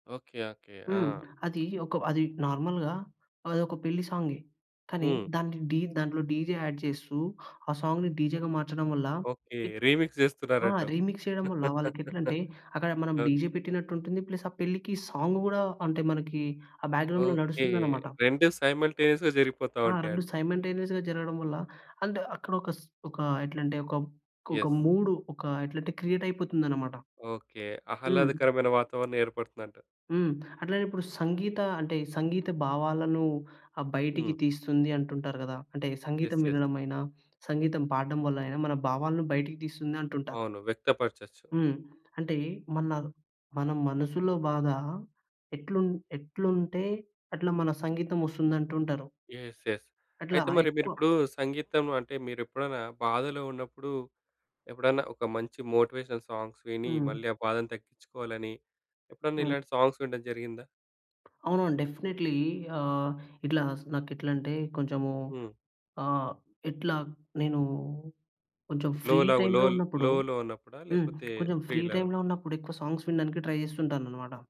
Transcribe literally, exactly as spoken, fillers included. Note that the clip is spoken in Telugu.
ఓకే. ఓకే. హ్మ్. ఆ! అది ఒక అది నార్మల్‌గా అదొక పెళ్లి సాంగే. కానీ హ్మ్. దాన్ని డి దాంట్లో డీజే యాడ్ చేస్తూ ఆ సాంగ్‌ని డీజేగా మార్చడం వల్ల ఓకే. రీమిక్స్ ఆ! జేస్తున్నారంటవు. రీమిక్స్ చేయడం వల్ల వాళ్ళకి ఎట్లంటే అక్కడ మనం డీజే ఓకే. పెట్టినట్టుంటుంది. ప్లస్ ఆ పెళ్ళికి సాంగు గూడా అంటే మనకి ఆ బ్యాక్‌గ్రౌండ్‌లో ఓకే. నడుస్తుందనమాట. రెండు సైమల్టేనియస్‌గా జరిగిపోతా ఆ! రెండు ఉంటాయంటావు. సైమ‌న్‌టేనియస్‌గా జరగడం వల్ల అంటే అక్కడొక‌ స్ ఒకా ఎట్లాంటే ఒక మ్ ఒక యెస్. మూడూ ఒక ఎట్లంటే క్రియేట్ అయిపోతుందనమాట. ఓకే. హ్మ్. ఆహ్లాదకరమైన వాతావరణం ఏర్పడుతుందంటవు. హ్మ్. అట్లానే ఇప్పుడు సంగీత అంటే సంగీత భావాలను ఆహ్, బయటికి హ్మ్. తీస్తుంది అంటుంటారు గదా! అంటే సంగీతం యెస్. యెస్. వినడమైనా సంగీతం పాడడం వలైనా మన భావాలను బయటకి తీస్తుంది అంటుంటారు. అవును. వ్యక్తపరచవచ్చు. హ్మ్. అంటే మన ర్ మన మనసులో బాధ ఎట్లున్ ఎట్లుంటే అట్లా మన సంగీతం వస్తుందంటుంటారు. యెస్. యెస్. అట్లా అయితే మరి ఎక్కువ మీరిప్పుడు సంగీతం అంటే మీరెప్పుడైనా బాధలో ఉన్నప్పుడు, ఎప్పుడన్నా ఒక మంచి మోటివేషనల్ సాంగ్స్ విని హ్మ్. మళ్ళీ ఆ బాధను తగ్గిచ్చుకోవాలని, ఎప్పుడన్నా హ్మ్. ఇలాంటి సాంగ్స్ వినడం జరిగిందా? అవునవును. డెఫినెట్లీ ఆహ్, ఇట్లా స్ నాకెట్లంటే కొంచెము, హ్మ్. ఆహ్, ఇట్లా నేను కొంచెం లో ఫ్రీ లవ్ టైమ్‌లో లోల్ ఉన్నప్పుడు లో లో ఉన్నప్పుడా హ్మ్. లేకపోతే కొంచెం ఫ్రీ ఫ్రీ లాగా? టైమ్‌లో ఉన్నప్పుడు ఎక్కువ సాంగ్స్ వినడానికే ట్రై చేస్తుంటాననమాట.